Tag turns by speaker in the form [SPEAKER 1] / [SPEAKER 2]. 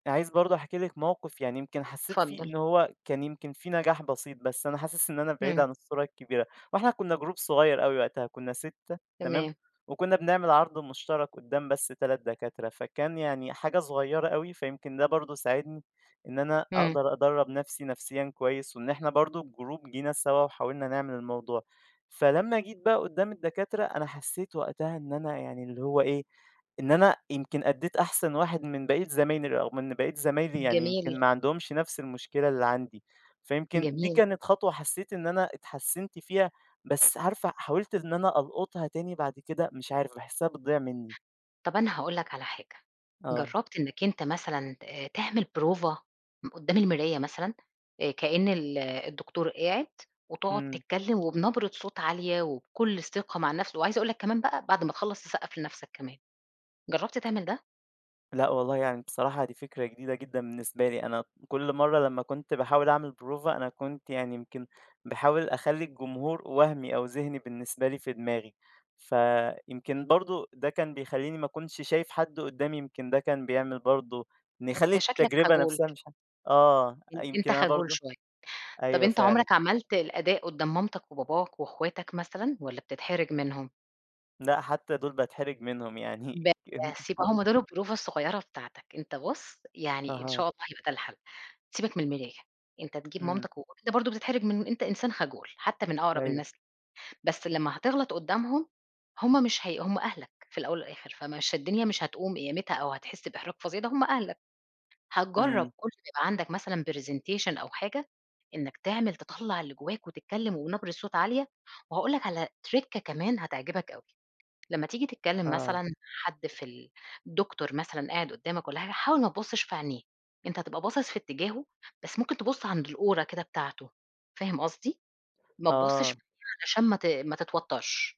[SPEAKER 1] أنا عايز برضه أحكي لِك موقف يعني يمكن حسّيت فيه
[SPEAKER 2] اتفضّل.
[SPEAKER 1] إن هو كان يمكن في نجاح بسيط، بس أنا حاسس إن أنا بعيد
[SPEAKER 2] إمم.
[SPEAKER 1] عن الصورة الكبيرة. وإحنا كُنّا جروب صغير أوي وقتها، كُنّا 6 تمام؟
[SPEAKER 2] تمام.
[SPEAKER 1] وكُنّا بنعمل عَرْض مُشترَك قُدّام بس 3 دكاترة، فكان يعني حاجة صغيرة أوي، فيمكن ده برضه ساعدني إن أنا
[SPEAKER 2] إمم.
[SPEAKER 1] أقدر أدرّب نفسي نفسيًا كويس وإن إحنا برضه الجروب جينا سَوا وحاولنا نعمل الموضوع. فلمّا جيت بقى قُدّام الدكاترة، أنا حسّيت وقتها إن أنا يعني اللي هو إيه، إن أنا يمكن أدّيت أحسن واحد من بقية زمايلي أو من بقية زمايلي، يعني يمكن
[SPEAKER 2] جميل.
[SPEAKER 1] ما عندهمش نفس المشكلة اللي عندي. فيمكن دي
[SPEAKER 2] جميل.
[SPEAKER 1] كانت خطوة حسّيت إن أنا اتحسّنت فيها، بس عارفة، حاولت إن أنا ألقُطها تاني بعد كده مش عارف، باحسّها بتضيع منّي.
[SPEAKER 2] طب أنا هاقول لك على حاجة،
[SPEAKER 1] آه.
[SPEAKER 2] جرّبت إنّك أنت مثلًا آآ تعمل بروفة م قُدّام المراية مثلًا؟ آآ كإن ال الدكتور قاعد وتقعد
[SPEAKER 1] إمم.
[SPEAKER 2] تتكّلم وبنبرة صوت عالية وبكل ثقة مع النفس، وعايزة أقول لك كمان بقى بعد ما تخلّص، تسقّف لنفسك كمان. جرّبت تعمل ده؟
[SPEAKER 1] لأ والله، يعني بصراحة دي فكرة جديدة جدًا بالنسبة لي. أنا كل مرّة لمّا كنت باحاول أعمل بروفة، أنا كنت يعني يمكن باحاول أخلّي الجمهور وهْمِي أو ذِهني بالنسبة لي في دماغي، فيمكن برضه ده كان بيخلّيني ما كُنش شايف حد قُدّامي، يمكن ده كان بيعمل برضه نخلّي
[SPEAKER 2] أنت شكلك
[SPEAKER 1] التجربة
[SPEAKER 2] خجول.
[SPEAKER 1] نفسها مش ح آه،
[SPEAKER 2] أن أنت
[SPEAKER 1] يمكن أنا
[SPEAKER 2] خجول
[SPEAKER 1] برضه
[SPEAKER 2] شوية. طَب
[SPEAKER 1] أيوه
[SPEAKER 2] أنت
[SPEAKER 1] فعلًا.
[SPEAKER 2] عُمرك عملت الأداء قُدّام مامتك وباباك وإخواتك مثلًا والّا بتتحرج منهم؟
[SPEAKER 1] لأ حتّى دُول باتحرج منهم يعني،
[SPEAKER 2] بس، يبقى
[SPEAKER 1] [unintelligible]
[SPEAKER 2] هم دول البروفة الصغيرة بتاعتك. أنت بُص، يعني إن- شاء
[SPEAKER 1] أها.
[SPEAKER 2] الله- هيبقى ده الحَل. سيبك من المرايا، أنت تجيب
[SPEAKER 1] إمم.
[SPEAKER 2] مامتك وب أنت برضه بتتحرج من أنت إنسان خجول حتّى من أقرب
[SPEAKER 1] أيوه.
[SPEAKER 2] الناس، بس لمّا هتغلط قُدّامهم، هم مش هي هم أهلك في الأول والآخِر، فمش الدنيا مش هتقوم قيامتها أو هتحِس بإحراج فظيع ده هم أهلك. هتجرّب
[SPEAKER 1] إمم.
[SPEAKER 2] كل ما عندك مثلًا presentation أو حاجة، إنّك تعمل تطلّع اللي جوّاك وتتكلّم وبنبرة صوت عالية، وهاقول لك على trick كمان هتعجبك أوي. لمّا تييجي تتكلّم
[SPEAKER 1] آه.
[SPEAKER 2] مثلًا حد في ال الدكتور مثلًا قاعد قُدّامك والّا حاجة، حاول ما تُبصِّش في عينيه، أنت هتبقى باصِص في اتجاهه، بس ممكن تبُص عند الأورة كده بتاعته، فاهم قصدي؟ ما تُبصِّش
[SPEAKER 1] آه.
[SPEAKER 2] [unintelligible] علشان ما ت ما تتوتّرش.